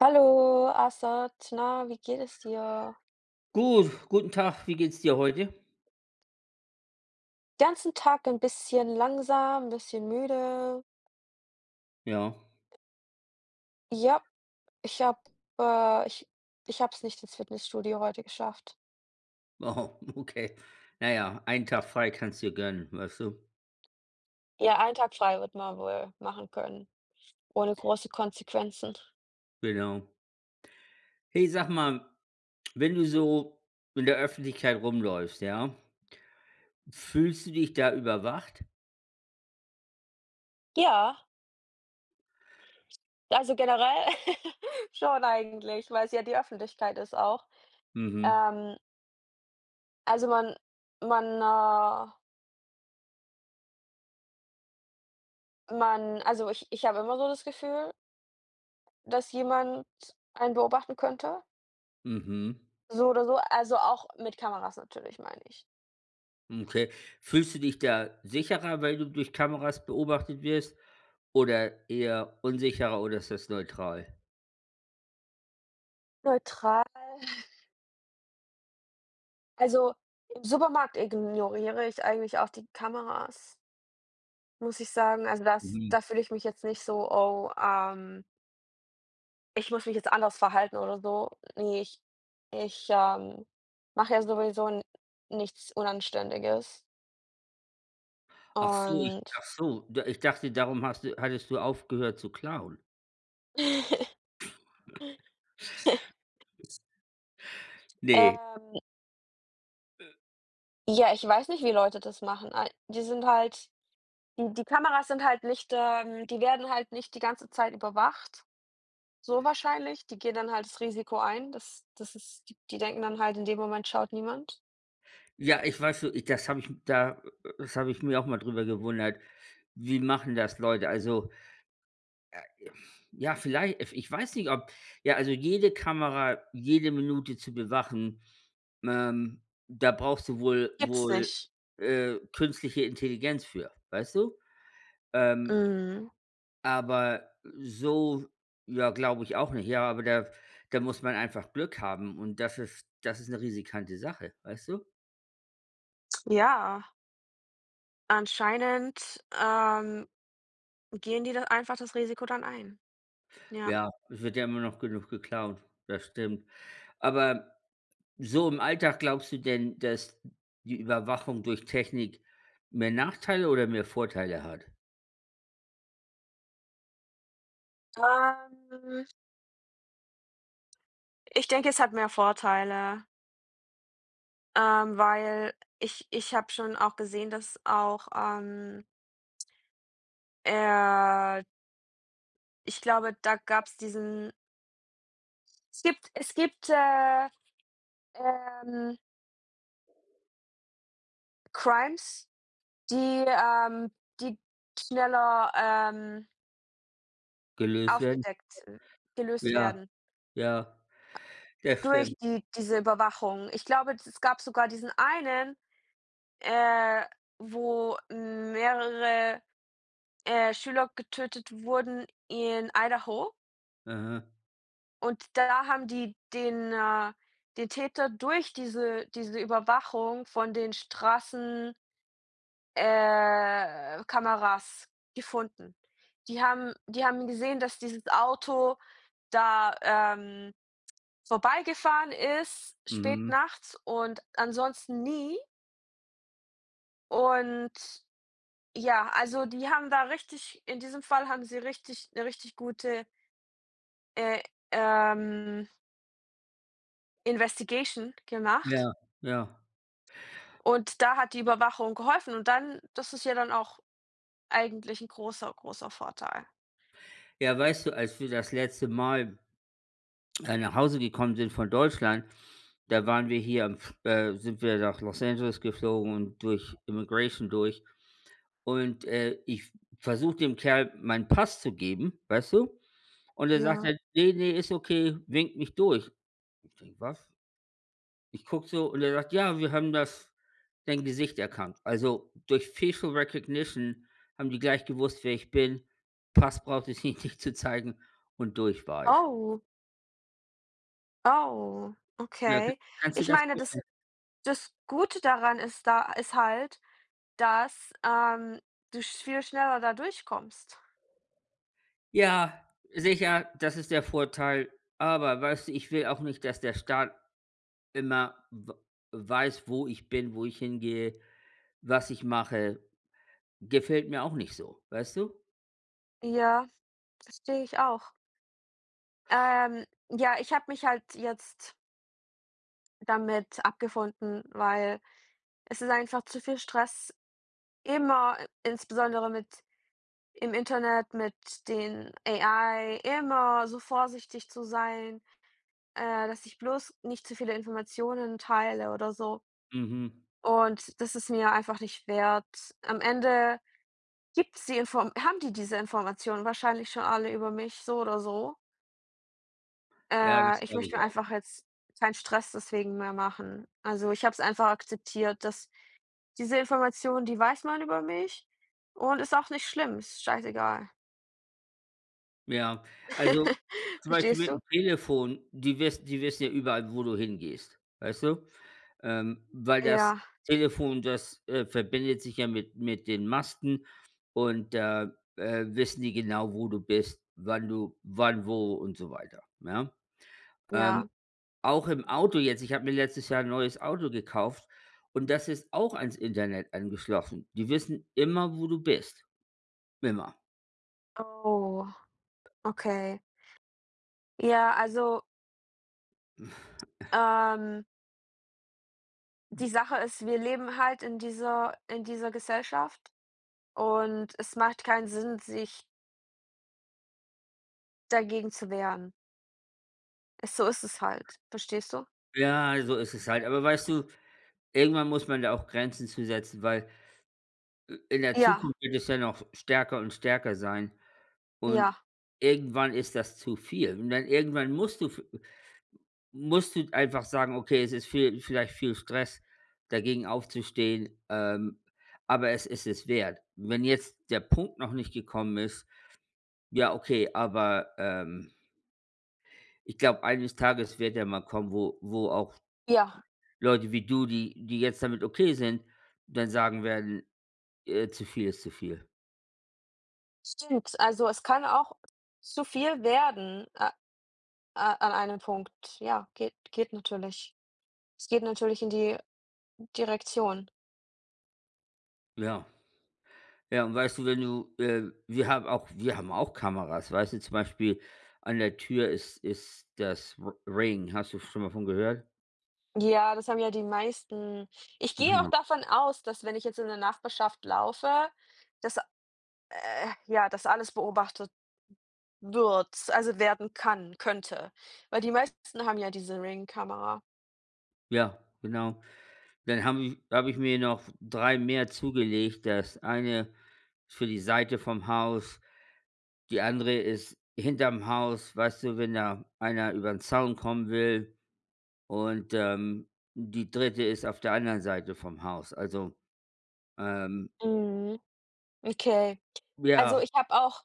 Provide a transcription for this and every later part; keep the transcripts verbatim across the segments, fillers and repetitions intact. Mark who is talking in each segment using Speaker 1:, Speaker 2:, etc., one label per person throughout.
Speaker 1: Hallo, Assad. Na, wie geht es dir?
Speaker 2: Gut, guten Tag. Wie geht's dir heute?
Speaker 1: Ganzen Tag ein bisschen langsam, 'n bisschen müde.
Speaker 2: Ja.
Speaker 1: Ja, ich habe äh, ich ich habe es nicht ins Fitnessstudio heute geschafft.
Speaker 2: Wow, okay. Naja, einen Tag frei kannst dir gönnen, weißt du.
Speaker 1: Ja, einen Tag frei wird man wohl machen können, ohne große Konsequenzen.
Speaker 2: Genau. Hey, sag mal, wenn du so in der Öffentlichkeit rumläufst, ja? Fühlst du dich da überwacht?
Speaker 1: Ja! Also, generell schon eigentlich, weil es ja die Öffentlichkeit ist auch.
Speaker 2: Mhm.
Speaker 1: Ähm also, man man, ah man also, ich ich habe immer so das Gefühl dass jemand einen beobachten könnte.
Speaker 2: Mhm.
Speaker 1: So oder so, also, auch mit Kameras natürlich, meine ich.
Speaker 2: Okay. Fühlst du dich da sicherer, weil du durch Kameras beobachtet wirst oder eher unsicherer, oder ist das neutral?
Speaker 1: Neutral. Also, im Supermarkt ignoriere ich eigentlich auch die Kameras muss ich sagen. Also, das
Speaker 2: Mhm.
Speaker 1: da fühle ich mich jetzt nicht so: „Oh, ähm“ „ich muss mich jetzt anders verhalten oder so.“ Ne, ich ich, ähm, mache ja sowieso n nichts Unanständiges.
Speaker 2: Ach so,
Speaker 1: Und
Speaker 2: ach so. D ich dachte, darum hast du hattest du aufgehört zu klauen? Ne.
Speaker 1: Ähm
Speaker 2: Äh
Speaker 1: ja, ich weiß nicht, wie Leute das machen. Die sind halt die die Kameras sind halt nicht ähm, die werden halt nicht die ganze Zeit überwacht. So wahrscheinlich, die gehen dann halt das Risiko ein, das das ist die die denken dann halt in dem Moment schaut niemand.
Speaker 2: Ja, ich weißt du, i das habe ich da das habe ich mir auch mal darüber gewundert. Wie machen das Leute? Also äh, ja, vielleicht, ef ich weiß nicht, ob ja, also, jede Kamera, jede Minute zu bewachen, ähm, da brauchst du wohl
Speaker 1: Gibt's
Speaker 2: wohl,
Speaker 1: nicht.
Speaker 2: äh, künstliche Intelligenz für, weißt du? Ähm
Speaker 1: Mhm.
Speaker 2: aber so ja, glaube ich auch nicht. Ja, aber da da muss man einfach Glück haben und das ist das ist 'ne risikante Sache, weißt du?
Speaker 1: Ja. Anscheinend, ähm, gehen die da einfach das Risiko dann ein? Ja.
Speaker 2: Ja, es wird ja immer noch genug geklaut. Das stimmt. Aber so im Alltag glaubst du denn, dass die Überwachung durch Technik mehr Nachteile oder mehr Vorteile hat?
Speaker 1: Ähm ich denke, es hat mehr Vorteile. Ähm, weil ich ich habe schon auch gesehen, dass auch, ähm eher Ich glaube, da gab es diesen Es gibt es gibt, äh, ähm Crimes, die, ähm, die die schneller, ähm
Speaker 2: Gelöst werden.
Speaker 1: aufgedeckt, gelöst
Speaker 2: Ja,
Speaker 1: werden.
Speaker 2: ja.
Speaker 1: Äh,
Speaker 2: Das stimmt.
Speaker 1: durch die diese Überwachung. Ich glaube, es gab sogar diesen einen, äh, wo mehrere, äh, Schüler getötet wurden, in Idaho.
Speaker 2: Aha.
Speaker 1: Und da haben die den, äh den Täter, durch diese diese Überwachung von den Straßen äh, Kameras gefunden. Die haben die haben gesehen, dass dieses Auto da, ähm, vorbeigefahren ist, spät
Speaker 2: Mhm.
Speaker 1: nachts und ansonsten nie. Und, ja, also, die haben da richtig in diesem Fall haben sie richtig 'ne richtig gute äh, ähm Investigation gemacht?
Speaker 2: Ja, ja.
Speaker 1: Und da hat die Überwachung geholfen und dann das ist ja dann auch eigentlich 'n großer, großer Vorteil.
Speaker 2: Ja, weißt du, als wir das letzte Mal, äh, nach Hause gekommen sind von Deutschland, da waren wir hier am F äh, sind wir nach Los Angeles geflogen und durch Immigration durch und, äh, ich versuche dem Kerl meinen Pass zu geben, weißt du? Und der sagt
Speaker 1: Ja.
Speaker 2: dann: „Ne, ne, ist okay.“ Winkt mich durch. Ich denke, was? Ich gucke so und er sagt: „Ja, wir haben das dein Gesicht erkannt.“ Also, durch facial recognition haben die gleich gewusst, wer ich bin. Pass brauchte ich ihn nicht zu zeigen und durch war ich.
Speaker 1: Oh. Oh,
Speaker 2: Ja, k
Speaker 1: okay.
Speaker 2: kannst dir
Speaker 1: Ich
Speaker 2: das
Speaker 1: meine, das
Speaker 2: vorstellen?
Speaker 1: das Gute daran ist da ist halt, dass, ähm, du viel schneller da durchkommst.
Speaker 2: Ja, sicher, das ist der Vorteil. Aber weißt du, ich will auch nicht, dass der Staat immer w weiß, wo ich bin, wo ich hingehe, was ich mache. Gefällt mir auch nicht so, weißt du?
Speaker 1: Ja, verstehe ich auch. Ähm, ja, ich habe mich halt jetzt damit abgefunden, weil es ist einfach zu viel Stress, immer insbesondere mit im Internet, mit den AI, immer so vorsichtig zu sein, äh, dass ich bloß nicht zu viele Informationen teile oder so.
Speaker 2: Mhm.
Speaker 1: Und das ist mir einfach nicht wert. Am Ende gibt es die Inform haben die diese Informationen wahrscheinlich schon alle über mich, so oder so?
Speaker 2: Ja,
Speaker 1: Äh,
Speaker 2: das
Speaker 1: ich
Speaker 2: glaube
Speaker 1: möchte
Speaker 2: ich
Speaker 1: mir
Speaker 2: auch.
Speaker 1: einfach jetzt kein Stress deswegen mehr machen. Also, ich habe es einfach akzeptiert, dass diese Information, die weiß man über mich und ist auch nicht schlimm, ist scheißegal.
Speaker 2: Ja. Also, zum Beispiel
Speaker 1: Verstehst
Speaker 2: mit dem
Speaker 1: du?
Speaker 2: Telefon. Die wiss die wissen ja überall, wo du hingehst. Weißt du? Ähm, weil das
Speaker 1: Ja.
Speaker 2: Telefon, das, äh, verbindet sich ja mit mit den Masten und da, äh, wissen die genau, wo du bist, wann du wann, wo und so weiter, ja? Ähm,
Speaker 1: Ja.
Speaker 2: auch im Auto jetzt. Ich habe mir letztes Jahr 'n neues Auto gekauft. Und das ist auch ans Internet angeschlossen. Die wissen immer, wo du bist. Immer.
Speaker 1: Oh, okay. Ja, also ähm die Sache ist, wir leben halt in dieser in dieser Gesellschaft, und es macht keinen Sinn, sich dagegen zu wehren. Es so ist es halt. Verstehst du?
Speaker 2: Ja, so ist es halt. Aber weißt du, irgendwann muss man da auch Grenzen zu setzen, weil i in der
Speaker 1: Ja.
Speaker 2: Zukunft wird es ja noch stärker und stärker sein. Und
Speaker 1: Ja.
Speaker 2: irgendwann ist das zu viel. Und dann irgendwann musst du f musst du einfach sagen: „Okay, es ist viel vielleicht viel Stress dagegen aufzustehen, ähm, aber es ist es wert.“ Wenn jetzt der Punkt noch nicht gekommen ist, ja, okay, aber, ähm ich glaube, eines Tages wird er mal kommen, wo wo auch
Speaker 1: Ja.
Speaker 2: Leute wie du, die die jetzt damit okay sind, dann sagen werden, äh, zu viel ist zu viel.
Speaker 1: Stimmt, also, es kann auch zu viel werden, äh, äh, an einem Punkt, ja, geht geht natürlich. Es geht natürlich in die Direktion.
Speaker 2: Ja. Ja und weißt du, wenn du, äh wir haben auch wir haben auch Kameras. Weißt du zum Beispiel, an der Tür ist ist das R Ring. Hast du schon mal davon gehört?
Speaker 1: Ja, das haben ja die meisten. Ich
Speaker 2: Mhm,
Speaker 1: gehe auch
Speaker 2: ja.
Speaker 1: davon aus, dass wenn ich jetzt in der Nachbarschaft laufe, dass, äh ja, das alles beobachtet wird. Also, werden kann könnte. Weil die meisten haben ja diese Ring-Kamera.
Speaker 2: Ja, genau. Dann haben habe ich mir noch drei mehr zugelegt. Das eine für die Seite vom Haus. Die andere ist hinterm Haus. Weißt du, wenn da einer über den Zaun kommen will. Und, ähm, die dritte ist auf der anderen Seite vom Haus, also, ähm
Speaker 1: Mhm, okay. Also,
Speaker 2: Ja.
Speaker 1: ich habe auch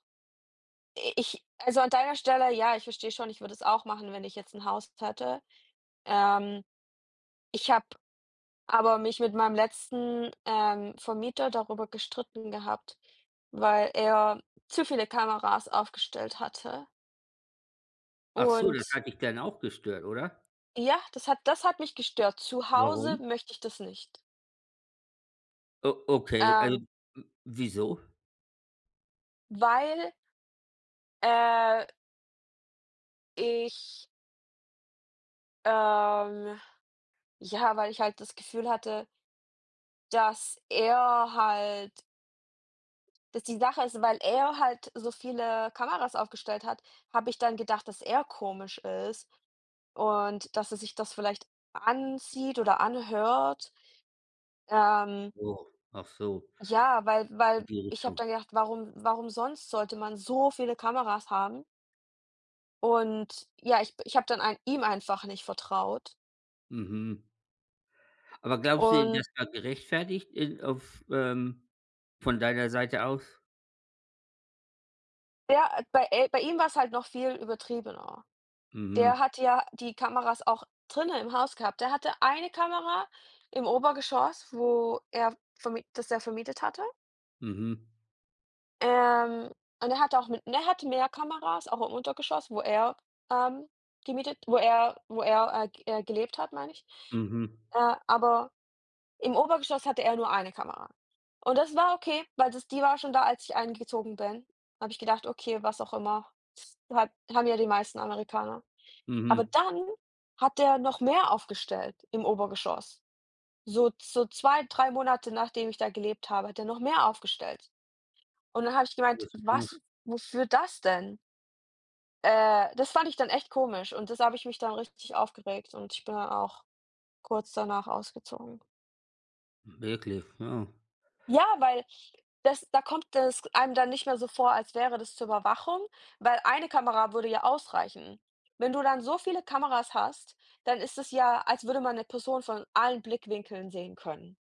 Speaker 1: i-ich also, an deiner Stelle, ja, ich verstehe schon, ich würde das auch machen, wenn ich jetzt 'n Haus hätte. Ähm. Ich habe aber mich mit meinem letzten, ähm, Vermieter darüber gestritten gehabt, weil er zu viele Kameras aufgestellt hatte.
Speaker 2: Ach so, das
Speaker 1: Und
Speaker 2: hat dich dann auch gestört, oder?
Speaker 1: ja, das hat das hat mich gestört. Zu Hause
Speaker 2: Warum?
Speaker 1: möchte ich das nicht.
Speaker 2: O okay, Also,
Speaker 1: Ähm.
Speaker 2: w wieso?
Speaker 1: Weil äh ich ähm, ja, weil ich halt das Gefühl hatte dass er halt dass die Sache ist, weil er halt so viele Kameras aufgestellt hat, habe ich dann gedacht, dass er komisch ist und dass er sich das vielleicht ansieht oder anhört. Ähm
Speaker 2: Oh, ach so.
Speaker 1: ja, weil
Speaker 2: In
Speaker 1: weil
Speaker 2: die
Speaker 1: ich habe
Speaker 2: Richtung.
Speaker 1: dann gedacht: „Warum warum sonst sollte man so viele Kameras haben?“ Und, ja, ich ich habe dann ein ihm einfach nicht vertraut.
Speaker 2: Mhm. Aber glaubst du denn,
Speaker 1: Und
Speaker 2: das war gerechtfertigt, äh, auf, ähm von deiner Seite aus?
Speaker 1: Ja, äh, bei e bei ihm war's halt noch viel übertriebener. Der
Speaker 2: Mhm.
Speaker 1: hat ja die Kameras auch drinnen im Haus gehabt. Der hatte eine Kamera im Obergeschoss, wo er verm das er vermietet hatte.
Speaker 2: Mhm.
Speaker 1: Ähm, und er hat auch mit und er hatte mehr Kameras auch im Untergeschoss, wo er, ähm, gemietet wo er wo er, äh, ge äh, gelebt hat, meine ich.
Speaker 2: Mhm.
Speaker 1: Äh, aber im Obergeschoss hatte er nur eine Kamera. Und das war okay, weil das die war schon da, als ich eingezogen bin habe ich gedacht: „Okay, was auch immer, hat haben ja die meisten Amerikaner.“ Aber
Speaker 2: Mhm.
Speaker 1: dann hat er noch mehr aufgestellt im Obergeschoss. So so, zwei, drei Monate nachdem ich da gelebt habe, hat er noch mehr aufgestellt. Und dann habe ich gemeint:
Speaker 2: Bisschen komisch.
Speaker 1: „Was wofür das denn?“ Äh, das fand ich dann echt komisch. Und das habe ich mich dann richtig aufgeregt, und ich bin dann auch kurz danach ausgezogen.
Speaker 2: Wirklich, wow.
Speaker 1: Ja, weil das da kommt es einem dann nicht mehr so vor, als wäre das zur Überwachung, weil 1 eine Kamera würde ja ausreichen. Wenn du dann so viele Kameras hast, dann ist es ja, als würde man ’ne Person von allen Blickwinkeln sehen können.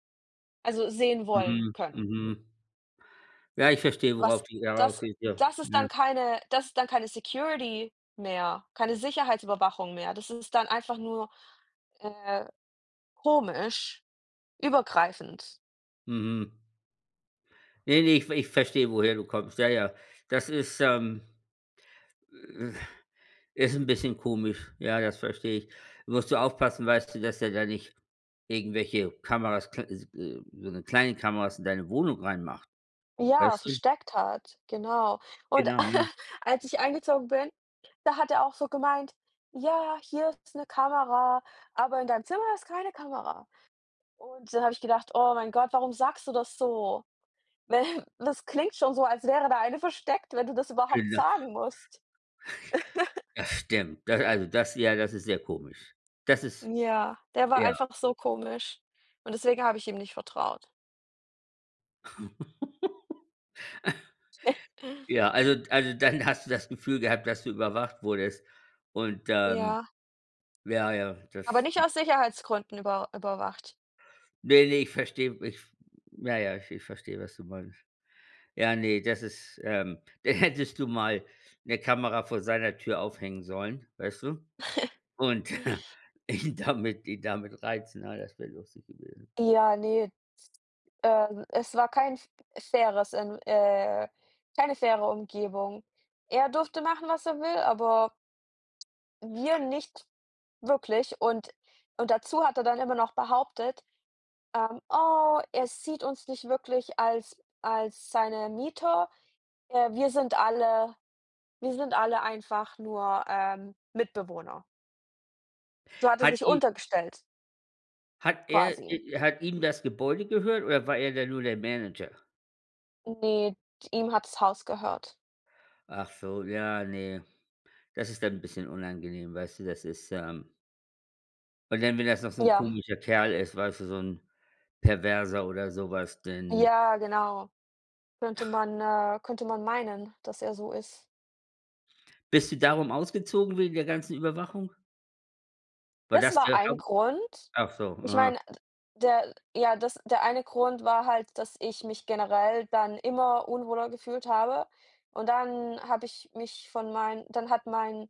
Speaker 1: Also sehen wollen
Speaker 2: Mhm,
Speaker 1: können.
Speaker 2: mhm. Ja, ich verstehe,
Speaker 1: Was
Speaker 2: worauf du hier heraus
Speaker 1: das
Speaker 2: gehst, ja.
Speaker 1: das ist dann
Speaker 2: [unintelligible]
Speaker 1: keine das ist dann keine Security mehr, keine Sicherheitsüberwachung mehr. Das ist dann einfach nur, äh, komisch, übergreifend.
Speaker 2: Mhm. Ne, ne, ich v ich verstehe, woher du kommst. Ja, ja. Das ist, ähm, äh, ist 'n bisschen komisch, ja, das verstehe ich. Musst du aufpassen, weißt du, dass er da nicht irgendwelche Kameras, kl äh, äh, so ne kleine Kameras in deine Wohnung reinmacht,
Speaker 1: Ja,
Speaker 2: weißt du?
Speaker 1: versteckt hat, genau. Und
Speaker 2: Genau, ja.
Speaker 1: als ich eingezogen bin, da hat er auch so gemeint: „Ja, hier ist 'ne Kamera, aber in deinem Zimmer ist keine Kamera.“ Und dann habe ich gedacht: „Oh mein Gott, warum sagst du das so?“ Weil das klingt schon so, als wäre da eine versteckt, wenn du das
Speaker 2: [unintelligible]
Speaker 1: überhaupt sagen musst.
Speaker 2: Das stimmt, also, das ja, das ist sehr komisch. Das ist
Speaker 1: Ja, der war
Speaker 2: ja.
Speaker 1: einfach so komisch. Und deswegen habe ich ihm nicht vertraut.
Speaker 2: Ja, also also, dann hast du das Gefühl gehabt, dass du überwacht wurdest. Und, ähm
Speaker 1: Ja.
Speaker 2: ja, ja, das
Speaker 1: Aber nicht aus Sicherheitsgründen über überwacht.
Speaker 2: Ne, ne, ich verstehe, ich ja, ja, ich ich verstehe, was du meinst. Ja, ne, das ist, ähm dann hättest du mal 'ne Kamera vor seiner Tür aufhängen sollen, weißt du? Und ihn damit ihn damit reizen, ja, das wäre lustig gewesen.
Speaker 1: Ja, ne, ist ähm, es war kein f faires, ähm, äh keine faire Umgebung. Er durfte machen, was er will, aber wir nicht wirklich und und dazu hat er dann immer noch behauptet, ähm, oh, er sieht uns nicht wirklich als als seine Mieter, äh, wir sind alle wir sind alle einfach nur, ähm, Mitbewohner. So hat er
Speaker 2: Hat
Speaker 1: sich
Speaker 2: ihm
Speaker 1: untergestellt.
Speaker 2: Hat er, i
Speaker 1: Quasi.
Speaker 2: i hat ihm das Gebäude gehört oder war er dann nur der Manager?
Speaker 1: Ne, d ihm hat das Haus gehört.
Speaker 2: Ach so, ja, ne. Das ist dann 'n bisschen unangenehm, weißt du, das ist ähm Und dann, wenn das noch so ein
Speaker 1: Ja.
Speaker 2: komischer Kerl ist, weißt du, so 'n Perverser oder sowas, denn
Speaker 1: Ja, genau. Könnte
Speaker 2: Ach.
Speaker 1: man äh, könnte man meinen, dass er so ist.
Speaker 2: Bist du darum ausgezogen, wegen der ganzen Überwachung? War
Speaker 1: Das
Speaker 2: das
Speaker 1: war
Speaker 2: der
Speaker 1: ein
Speaker 2: haupt
Speaker 1: Grund.
Speaker 2: ach so,
Speaker 1: Ich
Speaker 2: ah.
Speaker 1: meine, der ja, das der eine Grund war halt, dass ich mich generell dann immer unwohler gefühlt habe und dann habe ich mich von meinen dann hat mein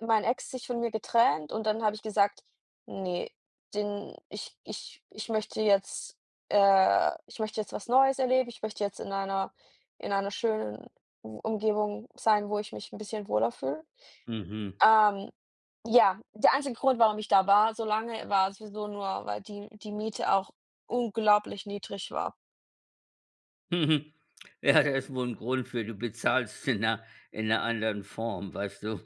Speaker 1: mein Ex sich von mir getrennt und dann habe ich gesagt: „Ne, den ich ich ich möchte jetzt äh, ich möchte jetzt was Neues erleben, ich möchte jetzt in einer in einer schönen Um Umgebung sein, wo ich mich 'n bisschen wohler fühle.“
Speaker 2: Mhm.
Speaker 1: Ähm, ja, der einzige Grund, warum ich da war, so lange, war sowieso nur, weil die die Miete auch unglaublich niedrig war.
Speaker 2: Ja, das ist wohl ein Grund für. Du bezahlst in 'ner in 'ner anderen Form, weißt du?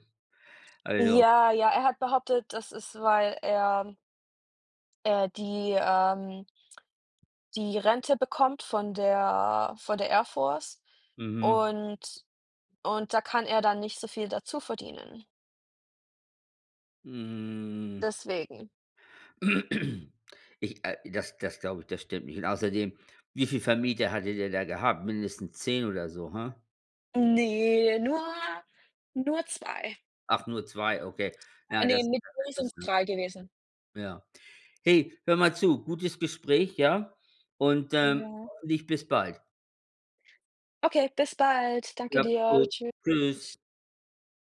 Speaker 2: Also.
Speaker 1: Ja, ja, er hat behauptet, dass es, weil er äh, die, ähm die Rente bekommt von der von der Air Force
Speaker 2: Mhm.
Speaker 1: und und da kann er dann nicht so viel dazu verdienen.
Speaker 2: Mm.
Speaker 1: Deswegen.
Speaker 2: Ich äh, das das glaube ich, das stimmt nicht. Und außerdem, wie viel Vermieter hatte er da gehabt? Mindestens zehn oder so, ha?
Speaker 1: Ne, nur nur zwei.
Speaker 2: Ach, nur zwei, okay.
Speaker 1: Ah,
Speaker 2: Ja,
Speaker 1: ne,
Speaker 2: das
Speaker 1: mit mir sind es
Speaker 2: [unintelligible]
Speaker 1: drei gewesen.
Speaker 2: Ja. Hey, hör mal zu, gutes Gespräch, ja? Und, ähm,
Speaker 1: Ja.
Speaker 2: hoffentlich bis bald.
Speaker 1: Okay, bis bald. Danke
Speaker 2: Ja,
Speaker 1: dir.
Speaker 2: gut.
Speaker 1: Tschüss.
Speaker 2: Tschüss.